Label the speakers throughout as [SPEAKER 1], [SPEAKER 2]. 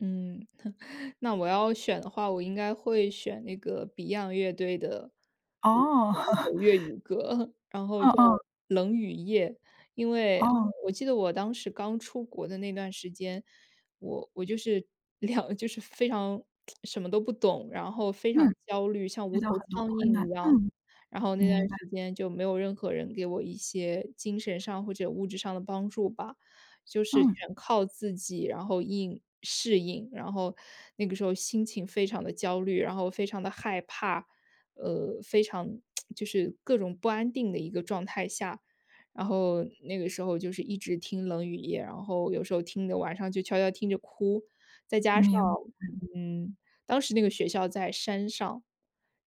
[SPEAKER 1] 嗯，那我要选的话，我应该会选那个 Beyond 乐队的，呃，
[SPEAKER 2] 哦。
[SPEAKER 1] 一首 粤语歌，然后
[SPEAKER 2] 哦
[SPEAKER 1] 叫
[SPEAKER 2] 哦。
[SPEAKER 1] 《冷雨夜》。因为，呃，
[SPEAKER 2] 哦。
[SPEAKER 1] 我记得我当时刚出国的那段时间，我我就是，两就是非常 什么都不懂，然后非常
[SPEAKER 2] 嗯。
[SPEAKER 1] 焦虑，像
[SPEAKER 2] 遇
[SPEAKER 1] 无头
[SPEAKER 2] 到很多
[SPEAKER 1] 苍
[SPEAKER 2] 困
[SPEAKER 1] 蝇一
[SPEAKER 2] 难，
[SPEAKER 1] 样。
[SPEAKER 2] 嗯。
[SPEAKER 1] 然后那段
[SPEAKER 2] 明白。
[SPEAKER 1] 时间就没有任何人给我一些精神上或者物质上的帮助吧，就是
[SPEAKER 2] 嗯。
[SPEAKER 1] 全靠自己，然后应适应。然后那个时候心情非常地焦虑，然后非常地害怕，呃，非常 就是各种不安定的一个状态下。然后那个时候就是一直听《冷雨夜》，然后有时候听得晚上就悄悄听着哭。再加上，
[SPEAKER 2] 明白。
[SPEAKER 1] 嗯，当时那个学校在山上，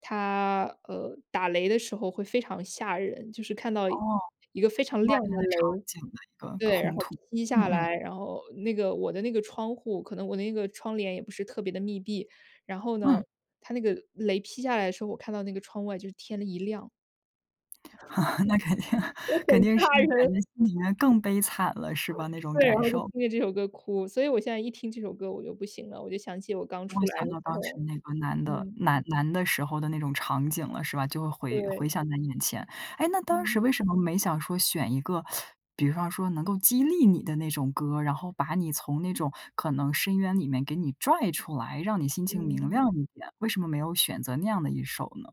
[SPEAKER 1] 它，呃，打雷的时候会非常吓人，就是看到
[SPEAKER 2] 哦，
[SPEAKER 1] 一个非常
[SPEAKER 2] 外
[SPEAKER 1] 亮
[SPEAKER 2] 面
[SPEAKER 1] 的
[SPEAKER 2] 的场
[SPEAKER 1] 雷。
[SPEAKER 2] 景的一个
[SPEAKER 1] 对，然
[SPEAKER 2] 烘
[SPEAKER 1] 后
[SPEAKER 2] 托，
[SPEAKER 1] 劈
[SPEAKER 2] 嗯
[SPEAKER 1] 下
[SPEAKER 2] 嗯。
[SPEAKER 1] 来，然后那个我的那个窗户，可能我的那个窗帘也不是特别地密闭，然后呢，
[SPEAKER 2] 嗯。
[SPEAKER 1] 它那个雷劈下来的时候，我看到那个窗外就是天的一亮。
[SPEAKER 2] 那肯定，
[SPEAKER 1] 就很
[SPEAKER 2] 肯定是
[SPEAKER 1] 吓人！
[SPEAKER 2] 感觉心里面更悲惨了，是吧？那种
[SPEAKER 1] 对，然
[SPEAKER 2] 感
[SPEAKER 1] 后就
[SPEAKER 2] 受。
[SPEAKER 1] 听着这首歌哭。所以我现在一听这首歌我就不行了，我就想起我刚
[SPEAKER 2] 就
[SPEAKER 1] 出
[SPEAKER 2] 会
[SPEAKER 1] 来
[SPEAKER 2] 想
[SPEAKER 1] 的时
[SPEAKER 2] 到当时
[SPEAKER 1] 候，
[SPEAKER 2] 那个难的
[SPEAKER 1] 嗯。
[SPEAKER 2] 难难的时候的那种场景了，是吧？就会回
[SPEAKER 1] 对。
[SPEAKER 2] 回想在眼前。哎，那当
[SPEAKER 1] 嗯。
[SPEAKER 2] 时为什么没想说选一个 比方说能够激励你的那种歌，然后把你从那种可能深渊里面给你拽出来，让你心情明
[SPEAKER 1] 嗯。
[SPEAKER 2] 亮一点，为什么没有选择那样的一首呢？